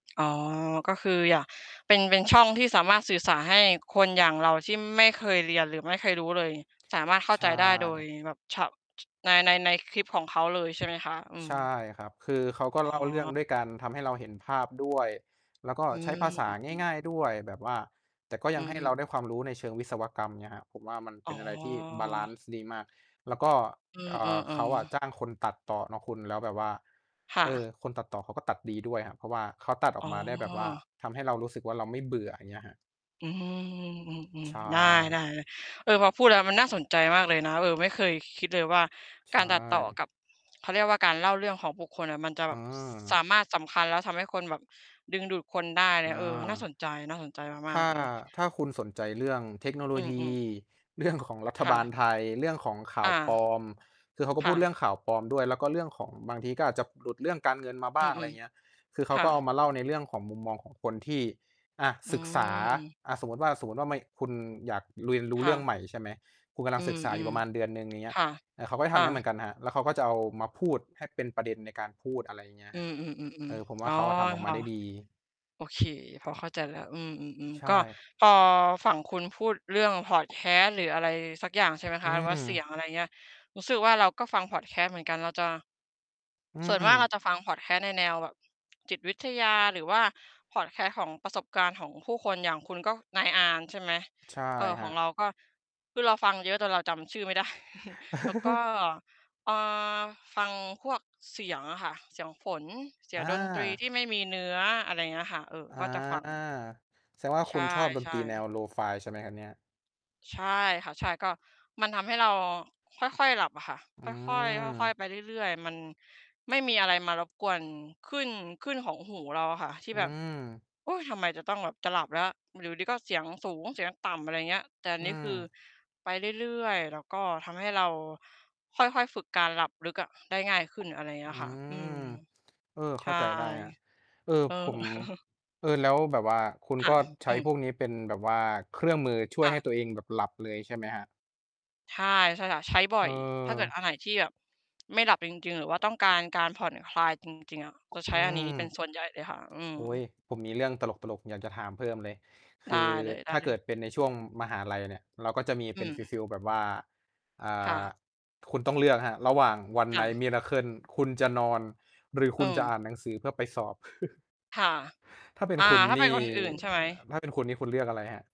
อ๋อ ก็คืออยาก เป็น เป็น ช่องที่สามารถสื่อ สารให้คนอย่างเราที่ไม่เคยเรียนหรือไม่เคยรู้เลย สามารถเข้าใชใจได้โดย่ แบบ ช ใน ใน ในคลิปของเขาเลย ใช่ไหมคะ? อืใชม ่ครับ คือเขาก็อ๋เล่าเรื่องอ ด้วยการทำให้เราเห็นภาพด้วย แล้วก็อืใช้ม ภาษาอืม ง่าย ๆ ด้วยแบบว่า แต่ก็อยืังให้เอ รๆ าได้ความรู้ในเชิงวิศวกรรมเนี่ยครับ ผมว่ามันเอป๋็นอะไรที่บาลันอ ซ์ดีมาก แล้วก็ เออ่อ า เขาอะๆ ๆ จ้างคนตัดต่อเนาะคุณ แล้วแบบว่า ค่เอะ อ คนตัดต่อเขาก็ตัดดีด้วย เพราะว่าเขาตัดอออ๋กมาได้แบบว่าอ ทำให้เรารู้สึกว่าเราไม่เบื่อ อย่างเงี้ยครับ อืม ใชๆ ๆ ได้ ่ ๆ ๆ เออ พอพูดแล้วมันน่าสนใจมากเลยนะ เออ ไม่เคย ค คิดเลยว่า ใชการ ตัดต่อ่ กับ เขาเรียกว่า การเล่าเรื่องของบุคคลอะ มันจะอแบ๋บ ส สอ ามารถสำคัญแล้วทำให้คนแบบ ดึงดูดคนได้เลอย า เออ น่าสนใจ น่าสนใจมถา้ก า ๆ เออ ถ้าคุณสนใจเรื่องเทคโนโลอืยี อ ๆ เรื่อง ของรัฐค่บาละ ไทย เรื่องของข่อาา วปลอม คือเขาก็คพู่ดะ เรื่องข่าวปลอมด้วย แล้วก็เรื่องของบางที ก็อาจจะหลุดเรื่องการเงินมาบอื้าง อะไรม อย่างเงี้ย คือเๆ ขคา่ก็เอาะ มาเล่าในเรื่องของมุมมองของคนที่ อา อืศึกษา ม อา สมมุติว่า สมมุติว่า คุณอยากเรียนรู้คเร่ื่องะ ใหม่ ใช่ไหม คุณกำลอัืงศึกษาอยู่ม ประมาณเดือนหนึ่ง อย่างเงีๆ ้คย ่ะ เขาก็ทอำอย่างนั้นเหมืา อนกันครับ แล้วเขาก็จะเอามาพูดให้เป็นประเด็นในการพูด อะไรอย่างเงี้ยอืครับ อ เอๆ อ ๆ ผมวๆ อ่๋าอ เขาอะ ทำออกคมา่ะ ได้ดี โอเค พอเข้าใจแล้ว อืม ใๆ ชๆ ก็่ พอฝั่งคุณพูดเรื่องพอดแคสต์หรืออะไรสักอย่าง ใช่ไหมอคืะ หรือว่าเสียม ง อะไรอย่างเงี้ย รู้สึกว่า เราก็ฟังพอดแคสต์เหมือนกันเราจะ อืส่วนมากม เราจะฟังพอดแคสต์ในแนวแบบ จิตวิทยาหรือว่าพอดแคสต์ของประสบการณ์ของผู้คน อย่างคุณก็นายอาร์ม ใช่ไหม ใช่เอ่อ คขรัองบ เราก็ คือเราฟังเยอะจนเราจำชื่อไม่ ได้ แล้วก็ อ่า ฟังพวกเสียงอะค่ะ เสียงฝน เสียองดนตรีา ที่ไม่มีเนื้อ อะไรอย่างเงี้ยค่ะ เออ อา ก็จะฟัง แสดงว่า ใชคุณชอบดนต่ รีแนว ๆ Lo-fi ใช่ไหมครับเนี่ย? ใช่ค่ะ ใช่ ก็ มันทำให้เราค่อย ๆ หลับอะค่ะ อืค่อย ๆ ค่อย ม ๆ ไปเรื่อย ๆ มันไม่มีอะไรมารบกวนคลื่น คลื่นของหูเราอะค่ะ ที่อืแบบ ม "อุ๊ย! ทำไมจะต้องแบบจะหลับแล้ว อยู่ดี ๆ ก็เสียงสูง เสียงต่ำ" อะไรอย่างเงี้ย แต่อันอืนี้คือม ไปเรื่อย ๆ แล้วก็ทำให้เราค่อย ๆ ฝึกการหลับลึกอะ ได้ง่ายขึ้น อะไรอย่างเงอี้ืยค่ะ อืม ม เออ ใเชข้่ าใจได้ครับ เออ เออ ผม เออ แล้วแบบว่าคุณค่กะ ็ใชอ้ืม พวกนี้เป็นแบบว่าเครื่องมือช่วคย่ให้ะ ตัวเองแบบหลับเลยใช่ไหมครับ? ใช่ ใช่ค่ะ ใช้บ่อย ถ้าเกิดเออ อันไหนที่แบบไม่หลับจริง ๆ หรือว่าต้องการการผ่อนคลายจริง ๆ อะ จะ ใชอื้อันนี้เป็นม ส่วนใหญ่เลยค่ะ อืโอ๊ย ม ผมมีเรื่องตลก ๆ อยากจะถามเพิ่มเลย คได้ือเถ้าลเกย ิๆ ดเป็นในช่วงมหาลัยเนี่ย เราก็จะมีอืเป็นฟม ีล ๆ แบบว่า อ่ค่า ะ คุณต้องเลือกครับ ระหว่าง One ค่Night ะ Miracle คุณจะนอนหรือคอุืณจะอม ่านหนังสือเพื่อไปสอบ ค่ะ ถ้าเป็นอา คุณถ้านเี่ ป็นคนอื่น ใช่ไหม? ถ้าเป็นคุณนี่คุณเลือกอะไรครับ?